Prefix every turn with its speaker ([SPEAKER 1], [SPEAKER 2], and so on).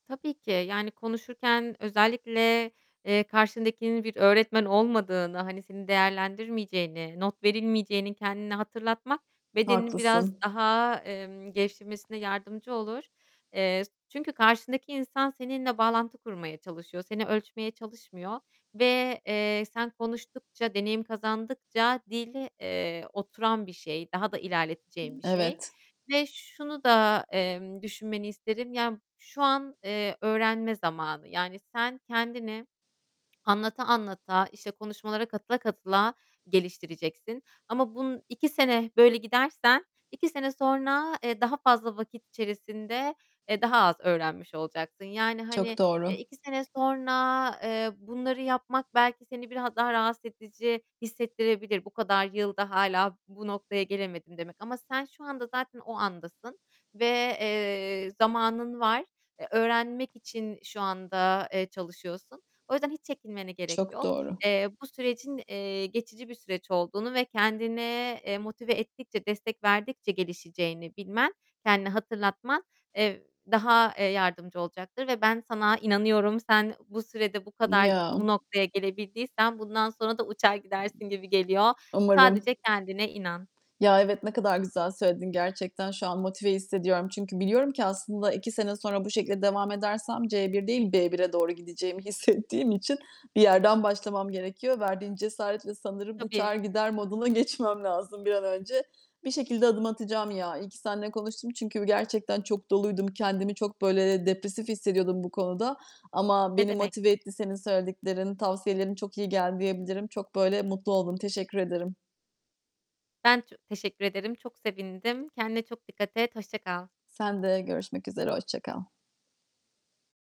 [SPEAKER 1] Tabii ki, yani, konuşurken özellikle, eee, karşındakinin bir öğretmen olmadığını, hani, senin değerlendirmeyeceğini, not verilmeyeceğini kendine hatırlatmak, bedenini biraz
[SPEAKER 2] Haklısın.
[SPEAKER 1] daha, emm, gevşemesine yardımcı olur. Eee, s çünkü karşındaki insan, seninle bağlantı kurmaya çalışıyor. Seni ölçmeye çalışmıyor ve, eee, sen konuştukça, deneyim kazandıkça dil, eee, oturan bir şey, daha da ilerleteceğin bir şey
[SPEAKER 2] Evet.
[SPEAKER 1] ve şunu da, eee, düşünmeni isterim. Yani, şu an, eee, öğrenme zamanı, yani, sen kendini anlata, anlata, işte, konuşmalara katıla katıla geliştireceksin ama bun 2 sene böyle gidersen, 2 sene sonra, eee, daha fazla vakit içerisinde, eee, daha az öğrenmiş olacaksın. Yani,
[SPEAKER 2] Çok
[SPEAKER 1] hani, eee,
[SPEAKER 2] doğru.
[SPEAKER 1] 2 sene sonra, eee, bunları yapmak belki seni biraz daha rahatsız edici hissettirebilir. "Bu kadar yılda hâlâ bu noktaya gelemedim" demek ama sen şu anda zaten o andasın ve, eee, zamanın var. E, öğrenmek için şu anda, eee, çalışıyorsun. O yüzden hiç çekinmene gerek
[SPEAKER 2] Çok
[SPEAKER 1] yok.
[SPEAKER 2] doğru.
[SPEAKER 1] Eee, bu sürecin, eee, geçici bir süreç olduğunu ve kendine, eee, motive ettikçe, destek verdikçe gelişeceğini bilmen, kendine hatırlatman, eee, daha, eee, yardımcı olacaktır ve ben sana inanıyorum, sen bu sürede bu kadar
[SPEAKER 2] Ya.
[SPEAKER 1] bu noktaya gelebildiysen bundan sonra da uçar gidersin gibi geliyor.
[SPEAKER 2] Umarım.
[SPEAKER 1] Sadece kendine inan.
[SPEAKER 2] Ya evet, ne kadar güzel söyledin. Gerçekten şu an motive hissediyorum. Biliyorum ki, aslında 2 sene sonra bu şekilde devam edersem, C1, B1'e doğru gideceğimi hissettiğim için bir yerden başlamam gerekiyor. Verdiğin cesaretle sanırım uçar
[SPEAKER 1] Tabii.
[SPEAKER 2] gider moduna geçmem lazım bir an önce. Bir şekilde adım atacağım ya. İyi ki seninle konuştum. Çünkü gerçekten çok doluydum. Kendimi çok böyle, eee, depresif hissediyordum bu konuda. Ama
[SPEAKER 1] Ne
[SPEAKER 2] beni
[SPEAKER 1] demek.
[SPEAKER 2] motive etti senin söylediklerin, tavsiyelerin çok iyi geldi diyebilirim. Çok böyle mutlu oldum. Teşekkür ederim.
[SPEAKER 1] Ben ço teşekkür ederim, çok sevindim. Kendine çok dikkat et, hoşça kal.
[SPEAKER 2] Sen de görüşmek üzere hoşça kal.